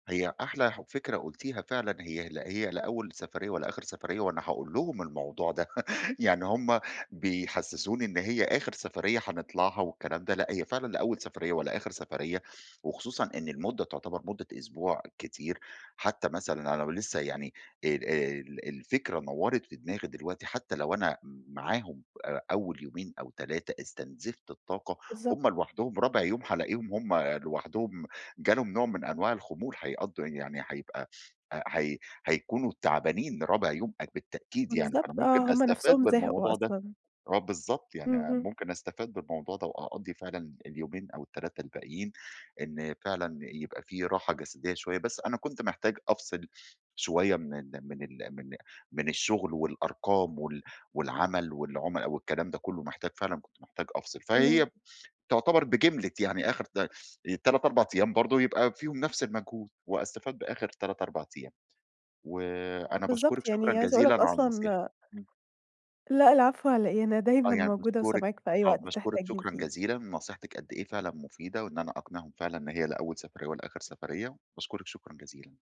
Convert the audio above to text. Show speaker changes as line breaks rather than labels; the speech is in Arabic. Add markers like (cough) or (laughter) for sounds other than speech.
هي أحلى فكرة قلتيها فعلًا، هي ل هي لا أول سفرية ولا آخر سفرية، وأنا هاقول لهم الموضوع ده، (laughs) يعني هم بِيحَسِّسُونِي إن هي آخر سفرية هنطلعها والكلام ده، لأ، هي فعلًا لا أول سفرية ولا آخر سفرية، وخصوصًا إن المُدّة تُعْتَبَر مُدِة أسبوع كتير، حتى مثلًا أنا لو لسه يعني آآ، ال الفكرة نورت في دماغي دلوقتي، حتى لو أنا معاهم أ أول يومين أو 3 استنزفت الطاقة،
بالضبط.
هم لوحدهم رابع يوم هالاقيهم هم لوحدهم جالهم نوع من أنواع الخمول، هيقَضّوا يعني هيبقى هي هيكونوا تَعبانين رابع يوم اك بالتأكيد يعني، فأنا
بالضبط
ممكن
آه، همّ
أستفاد
نفسهم زهقوا
بالموضوع ده.
أصلًا.
آه بالضبط، يعني
اهم.
ممكن استفاد بالموضوع ده وأقضّي فعلًا اليومين أو ال3 الباقيين. إن فعلًا يبقى في راحة جسدية شوية، بس أنا كنت محتاج أفصِل شوية من ال من ال من من الشغل والأرقام وال والعمل والعملا والكلام ده كله، محتاج فعلًا كنت محتاج أفصل، فهي
حلو.
تعتبَر بِجِملَة يعني آخر ت تلات 4 أيام برضو يبقى فيهم نفس المجهود واستفاد بآخر 3، 4 أيام، وأنا باشكرِك
بالضبط
شكرًا
يعني عايزة أقول لك
جزيلًا على النصيحة،
أصلًا
إمم.
لا العفو على إيه، أنا
آه
دايمًا
يعني
موجودة
باشكرِك،
وسامعاك في أي
آه
وقت
باشكرِك،
تحتاجني
شكرًا
فيه.
جزيلًا نصيحتِك قدّ إيه فعلًا مفيدة وإن أنا أقنعهم فعلًا إن هي لا أول سفرية ولا آخر سفرية، باشكرِك شكرًا جزيلًا.